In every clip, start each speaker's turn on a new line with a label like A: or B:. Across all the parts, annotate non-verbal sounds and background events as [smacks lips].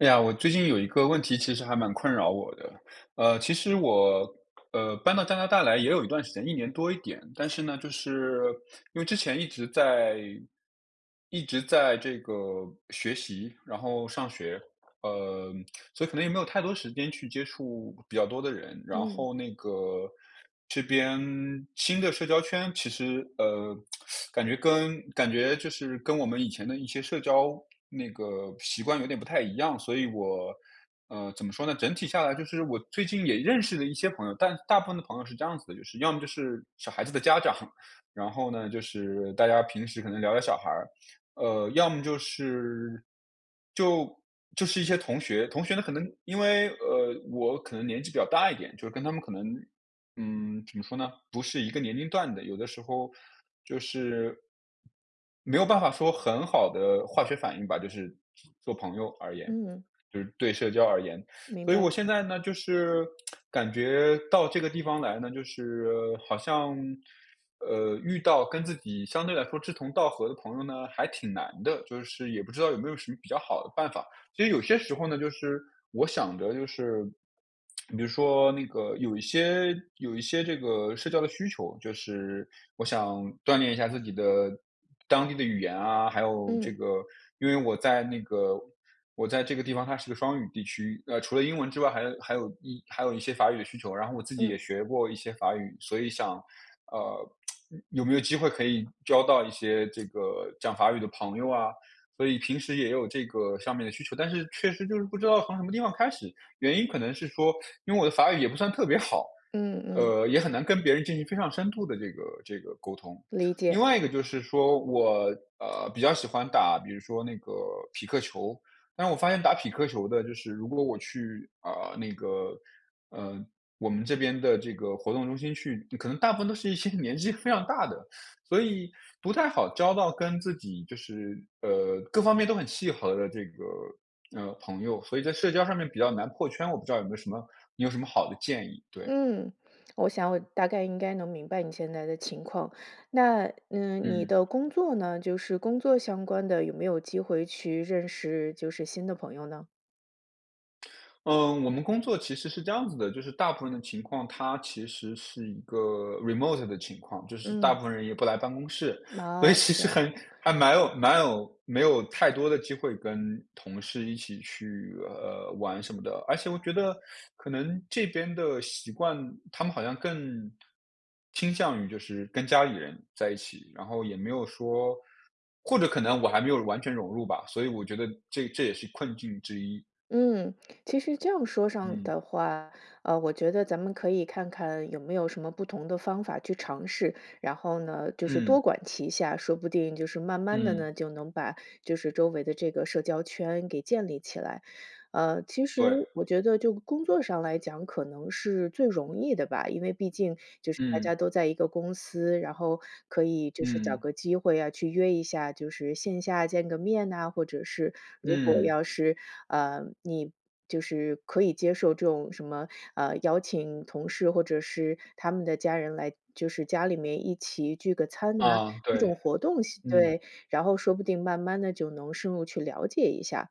A: 哎呀，我最近有一个问题，其实还蛮困扰我的。呃，其实我，呃，搬到加拿大来也有一段时间，1年多一点。但是呢，就是因为之前一直在一直在这个学习，然后上学，呃，所以可能也没有太多时间去接触比较多的人。然
B: 嗯。
A: 后那个，这边新的社交圈，其实，呃，[tsk] [sucks teeth] 感觉跟感觉就是跟我们以前的一些社交那个习惯，有点不太一样。所以我呃，怎么说呢？整体下来就是，我最近也认识了一些朋友，但大部分的朋友是这样子的，就是要么就是小孩子的家长，然后呢，就是大家平时可能聊聊小孩儿。呃，要么就是就就是一些同学，同学呢，可能因为，呃，我可能年纪比较大一点，就是跟他们可能嗯，怎么说呢，不是一个年龄段的，有的时候就是没有办法说很好地化学反应吧，就是做朋友而言，
B: 嗯。
A: 就是对社交而言。[sucks teeth]
B: 明
A: 所以我
B: 白。
A: 现在呢，就是 [tsk] 感觉到这个地方来呢，就是好像，呃，遇到跟自己相对来说志同道合的朋友呢，还挺难的。就是也不知道有没有什么比较好的办法，其实有些时候呢，就是我想的就是 [tsk] 比如说那个有一些有一些这个社交的需求，就是我想锻炼一下自己的当地的语言啊。还有这
B: 嗯。
A: 个因为我在那个我在这个地方，它是个双语地区，呃，除了英文之外，还还有一还有一些法语的需求。然后我自己也
B: 嗯。
A: 学过一些法语，所以想呃，[tsk] 有没有机会可以交到一些这个讲法语的朋友啊。所以平时也有这个上面的需求，但是，确实就是不知道从什么地方开始。原因可能是说，因为我的法语也不算特别好，
B: 嗯嗯。
A: 呃，也很难跟别人进行非常深度的这个这个沟通。
B: 理
A: 另
B: 解。
A: 外一个就是说，我，呃，比较喜欢打比如说那个匹克球，但是我发现打匹克球的就是如果我去，呃，那个呃，我们这边的这个活动中心去，可能大部分都是一些年纪非常大的。所以，不太好交到跟自己就是，呃，各方面都很契合的这个，呃，朋友，所以在社交上面比较难破圈。我不知道有没有什么你有什么好的建议？对。
B: 嗯，我想我大概应该能明白你现在的情况。那嗯，你
A: 嗯。
B: 的工作呢？就是工作相关的，有没有机会去认识就是新的朋友呢？
A: 嗯，我们工作其实是这样子的，就是大部分的情况它其实是一个 Remote 的情况，就是大
B: 嗯。
A: 部分人也不来办公室。所以
B: 哦，
A: 其
B: 是这
A: 实
B: 样。
A: 很还蛮有蛮有没有太多的机会跟同事一起去，呃，玩什么的，而且我觉得可能这边的习惯，他们好像更倾向于就是跟家里人在一起，然后也没有说或者可能我还没有完全融入吧，所以我觉得这这也是困境之一。
B: 嗯，其实这样说上
A: 嗯。
B: 的话。呃，我觉得咱们可以看看有没有什么不同的方法去尝试，然后呢就是多
A: 嗯。
B: 管齐下，说不定就是慢慢地
A: 嗯。
B: 呢，就能把就是周围的这个社交圈给建立起来。呃，其实
A: 对。
B: 我觉得就工作上来讲，可能是最容易的吧。因为毕竟就是大家
A: 嗯。
B: 都在一个公司，然后可以就是找
A: 嗯。
B: 个机会啊，去约一下，就是线下见个面呐，或者是如果
A: 嗯。
B: 要是，呃，你就是可以接受这种什么，啊，邀请同事或者是他们的家人来就是家里面一起聚个餐啊，
A: 啊，
B: 这
A: 对，
B: 种活动
A: 嗯。
B: 对，然后说不定慢慢地就能深入去了解一下。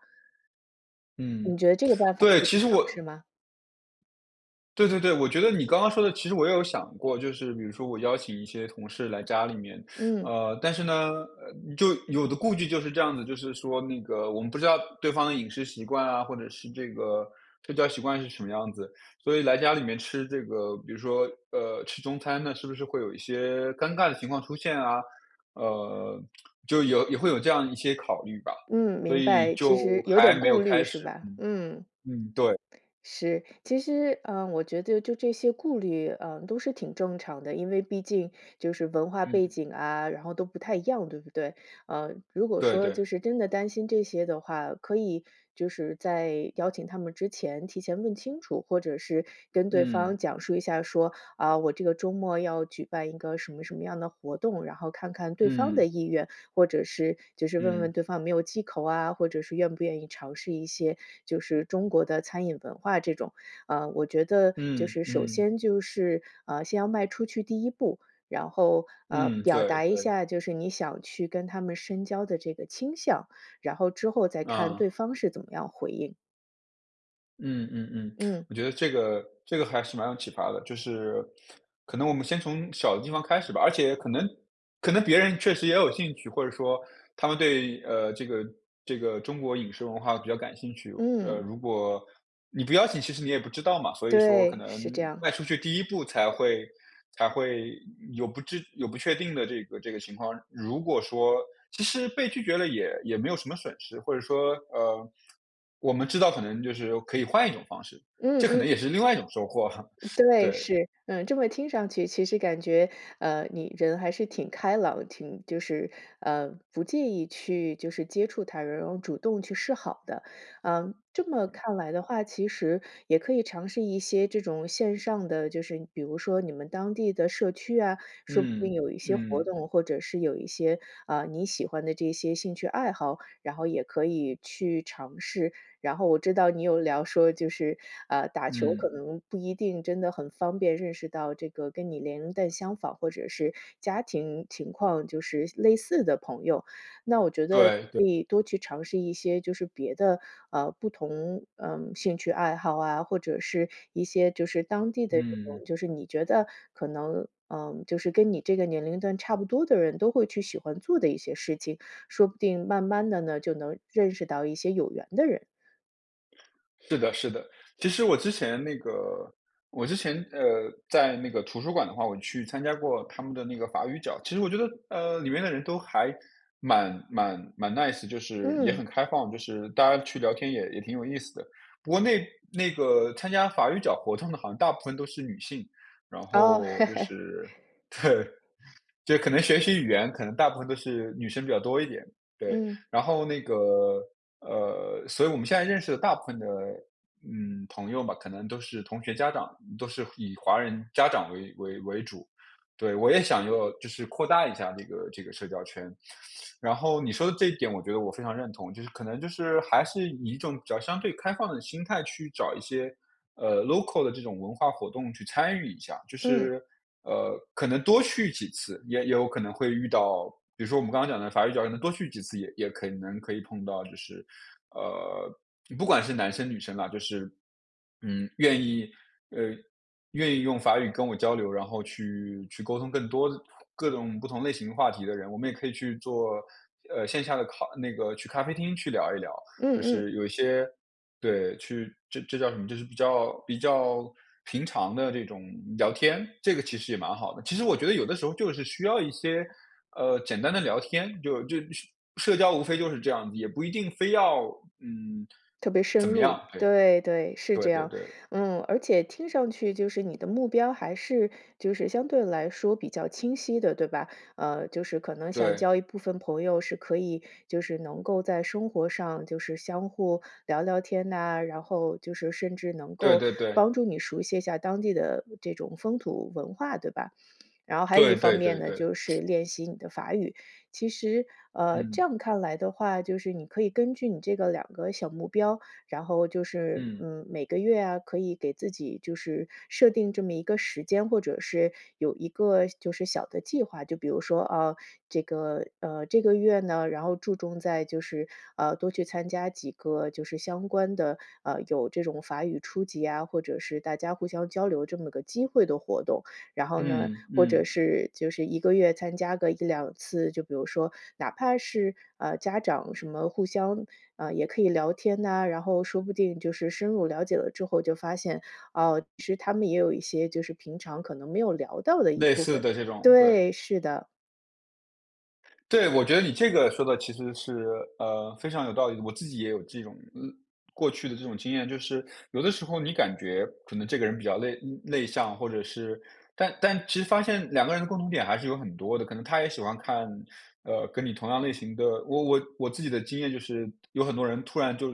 A: 嗯，
B: 你觉得这个办法
A: 对，
B: 可以去
A: 其实
B: 尝
A: 我
B: 试吗？
A: 对，对，对，我觉得你刚刚说的其实我也有想过，就是比如说我邀请一些同事来家里面。
B: 嗯。
A: 呃，但是呢就有的顾忌就是这样子的，就是说那个我们不知道对方的饮食习惯啊，或者是这个睡觉习惯是什么样子，所以来家里面吃这个比如说，呃，吃中餐呢，是不是会有一些尴尬的情况出现啊，呃，就有也会有这样一些考虑吧，
B: 嗯，
A: 所
B: 明
A: 以
B: 白，其
A: 就
B: 实有
A: 还
B: 点
A: 没有
B: 顾虑
A: 开
B: 是
A: 始，
B: 吧？
A: 嗯，
B: 嗯。
A: 嗯，对。
B: 是，其实，嗯，我觉得就这些顾虑，啊，都是挺正常的。因为毕竟就是文化背
A: 嗯。
B: 景啊，然后都不太一样，对不对？啊，如果
A: 对
B: 说就
A: 对。
B: 是真的担心这些的话，可以就是在邀请他们之前提前问清楚，或者是跟对
A: 嗯。
B: 方讲述一下说，啊，我这个周末要举办一个什么什么样的活动。然后看看对方
A: 嗯。
B: 的意愿，或者是就是问
A: 嗯。
B: 问对方没有忌口啊，或者是愿不愿意尝试一些就是中国的餐饮文化这种。啊，我觉得就
A: 嗯，
B: 是首
A: 嗯。
B: 先就是，啊，先要迈出去第一步，然后，呃，
A: 嗯，
B: 表
A: 对，
B: 达一
A: 对。
B: 下就是你想去跟他们深交的这个倾向，然后之后再看
A: 嗯。
B: 对方是怎么样回应。
A: 嗯嗯嗯，[smacks lips]
B: 嗯。
A: 我觉得这个这个还是蛮有启发的。就是可能我们先从小的地方开始吧，而且可能可能别人确实也有兴趣，或者说他们对，呃，这个这个中国饮食文化比较感兴趣。呃，
B: 嗯。
A: 如果你不邀请其实你也不知道嘛。所以说可
B: 对，
A: 能
B: 是这样。
A: 迈出去第一步才会才会有不知有不确定的这个这个情况，如果说其实被拒绝了也也没有什么损失。或者说，呃，我们知道可能就是可以换一种方式，
B: 嗯
A: 这可
B: 嗯。
A: 能也是另外一种收获，
B: 对，
A: 对。
B: 是，嗯。这么听上去，其实感觉，呃，你人还是挺开朗，挺就是呃，不介意去就是接触他人，然后主动去示好的。嗯，这么看来的话，其实，也可以尝试一些这种线上的，就是比如说你们当地的社区啊，说不定
A: 嗯，
B: 有一些活
A: 嗯。
B: 动，或者是有一些，啊，你喜欢的这些兴趣爱好，然后也可以去尝试。然后我知道你有聊说就是，呃，打球可
A: 嗯。
B: 能不一定真的很方便，认识到这个跟你年龄段相仿或者是家庭情况就是类似的朋友。那我觉得
A: 对
B: 你
A: 对。
B: 可以多去尝试一些就是别的，呃，不同，呃，兴趣爱好啊，或者是一些就是当地的这
A: 嗯。
B: 种就是你觉得可能，呃，就是跟你这个年龄段差不多的人都会去喜欢做的一些事情，说不定慢慢地呢，就能认识到一些有缘的人。
A: 是的，是的。其实我之前那个我之前，呃，在那个图书馆的话，我去参加过他们的那个法语角。其实我觉得，呃，里面的人都还蛮蛮蛮 Nice，就是也
B: 嗯。
A: 很开放，就是大家去聊天也也挺有意思的。不过那那个参加法语角活动的好像大部分都是女性，然
B: 哦。
A: 后就
B: [laughs]
A: 是对，就可能学习语言可能大部分都是女生比较多一点。对，
B: 嗯。
A: 然后那个，呃，所以我们现在认识的大部分的，嗯，朋友嘛，可能都是同学家长，都是以华人家长为为为主。对，我也想要就是扩大一下这个这个社交圈。然后你说的这一点我觉得我非常认同，就是可能就是还是以一种比较相对开放的心态去找一些，呃，Local 的这种文化活动去参与一下，就
B: 嗯。
A: 是，呃，可能多去几次，也有可能会遇到比如说我们刚刚讲的法语角可能多去几次也也可能可以碰到就是，呃，不管是男生女生啊，就是，嗯，愿意呃，愿意用法语跟我交流，然后去去沟通更多各种不同类型话题的人。我们也可以去坐，呃，线下的咖那个去咖啡厅去聊一聊，
B: 嗯
A: 就
B: 嗯。
A: 是有一些，对，去这这叫什么就是比较比较平常的这种聊天，这个其实也蛮好的。其实我觉得有的时候就是需要一些，呃，简单的聊天，就就社社交无非就是这样子，也不一定非要，嗯，
B: 特别深
A: 怎么样，
B: 入，
A: 哎，
B: 对，对，是
A: 对
B: 这
A: 对
B: 样，
A: 对。
B: 嗯。而且听上去就是你的目标还是就是相对来说比较清晰的，对吧？呃，就是可能想
A: 对。
B: 交一部分朋友是可以，就是能够在生活上就是相互聊聊天呐，然后就是甚至能
A: 对
B: 够
A: 对对。
B: 帮助你熟悉一下当地的这种风土文化，对吧？[sniffs] 然后还有
A: 对
B: 一方
A: 对对
B: 面呢，
A: 对。
B: 就是
A: [sniffs]
B: 练习你的法语。其实，呃，这
A: 嗯。
B: 样看来的话，就是你可以根据你这个2个小目标，然后就是，
A: 嗯。
B: 嗯，每个月啊，可以给自己就是设定这么一个时间，或者是有一个就是小的计划。就比如说，啊，这个呃，这个月呢，然后注重在就是，呃，多去参加几个就是相关的，呃，有这种法语初级啊，或者是大家互相交流这么个机会的活动。然后呢，
A: 嗯，
B: 或者
A: 嗯。
B: 是就是1个月参加个1-2次，就比如说哪怕是，啊，家长什么互相呃，也可以聊天呐，然后说不定就是深入了解了之后就发现，啊，其实他们也有一些就是平常可能没有聊到的一
A: 类
B: 部
A: 似
B: 分。
A: 的这种，对。
B: 对，是的。
A: 对，我觉得你这个说得其实是，呃，非常有道理的。我自己也有这种嗯，过去的这种经验，就是，有的时候你感觉可能这个人比较内内向，或者是但但其实发现两个人的共同点还是有很多的，可能他也喜欢看，呃，跟你同样类型的我我我自己的经验就是有很多人突然就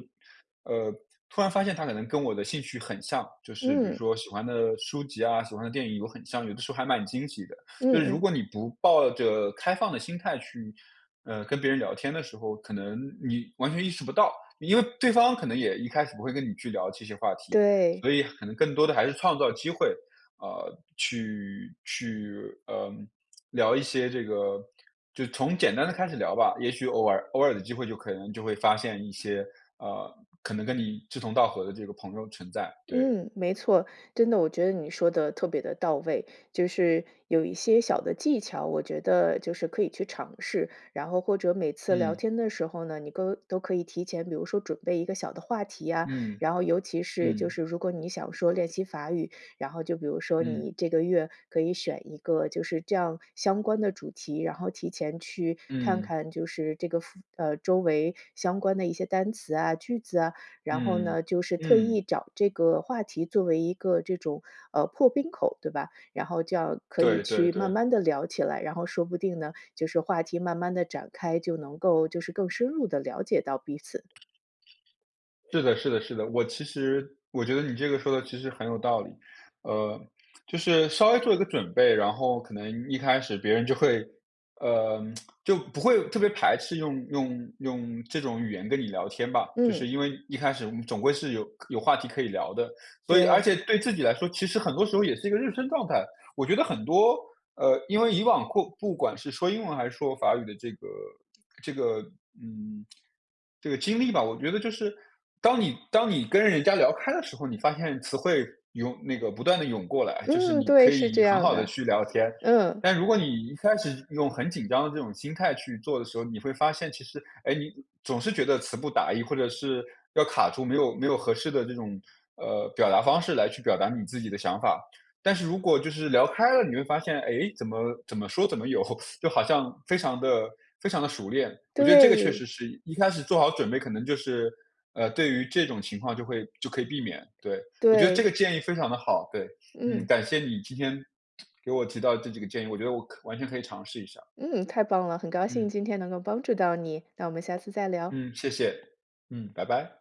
A: 呃，突然发现他可能跟我的兴趣很像，就是比如
B: 嗯。
A: 说喜欢的书籍啊，喜欢的电影有很像，有的时候还蛮惊喜的。
B: 嗯
A: 就是如
B: 嗯。
A: 果你不抱着开放的心态去，呃，跟别人聊天的时候，可能你完全意识不到，因为对方可能也一开始不会跟你去聊这些话题，
B: 对。
A: 所以可能更多的还是创造机会，呃，去去，呃，聊一些这个就从简单的开始聊吧。也许偶尔偶尔的机会就可能就会发现一些，呃，可能跟你志同道合的这个朋友存在，对。
B: 嗯，没错，真的，我觉得你说得特别地到位，就是有一些小的技巧。我觉得就是可以去尝试，然后或者每次聊
A: 嗯。
B: 天的时候呢，你都都可以提前，比如说准备一个小的话题呀，
A: 嗯，
B: 然后尤其是就
A: 嗯。
B: 是如果你想说练习法语，然后就比如说你
A: 嗯。
B: 这个月可以选一个就是这样相关的主题。然后提前去看
A: 嗯。
B: 看，就是这个附呃，周围相关的一些单词啊、句子啊。然后
A: 嗯，
B: 呢，就是特意
A: 嗯。
B: 找这个话题作为一个这种，呃，破冰口对吧，然后这样可以
A: 对对
B: 去慢
A: 对。
B: 慢地聊起来，然后说不定呢，就是话题慢慢地展开，就能够就是更深入地了解到彼此。
A: 是的是的是的，我其实我觉得你这个说得其实很有道理。呃，就是稍微做一个准备，然后可能一开始别人就会，呃，[tsk] 就不会特别排斥用用用这种语言跟你聊天吧，就
B: 嗯。
A: 是因为一开始我们总归是有可有话题可以聊的，所以而
B: 对。
A: 且对自己来说其实很多时候也是一个认生状态。我觉得很多，呃，因为以往过不管是说英文还是说法语的这个这个嗯，这个经历吧。我觉得就是当你当你跟人家聊开的时候，你发现词汇涌那个不断地涌过来，就是
B: 嗯，
A: 你
B: 对，
A: 可
B: 是这
A: 以很
B: 样
A: 好地
B: 的。
A: 去聊天，
B: 嗯。
A: 但如果你一开始用很紧张的这种心态去做的时候，你会发现其实哎，你总是觉得词不达意，或者是要卡住没有没有合适的这种，呃，表达方式来去表达你自己的想法。但是如果就是聊开了你会发现，哎，怎么怎么说怎么有，[laughs] 就好像非常地非常地熟练，我觉得这个确实
B: 对。
A: 是一开始做好准备可能就是，呃，对于这种情况就会就可以避免，对，我觉得这
B: 对。
A: 个建议非常地好。对，嗯，
B: 嗯。
A: 感谢你今天 [smacks lips] 给我提到这几个建议，我觉得我完全可以尝试一下。
B: 嗯，太棒了！很高兴
A: 嗯。
B: 今天能够帮助到你，那我们下次再聊。
A: 嗯，谢谢。嗯，拜拜。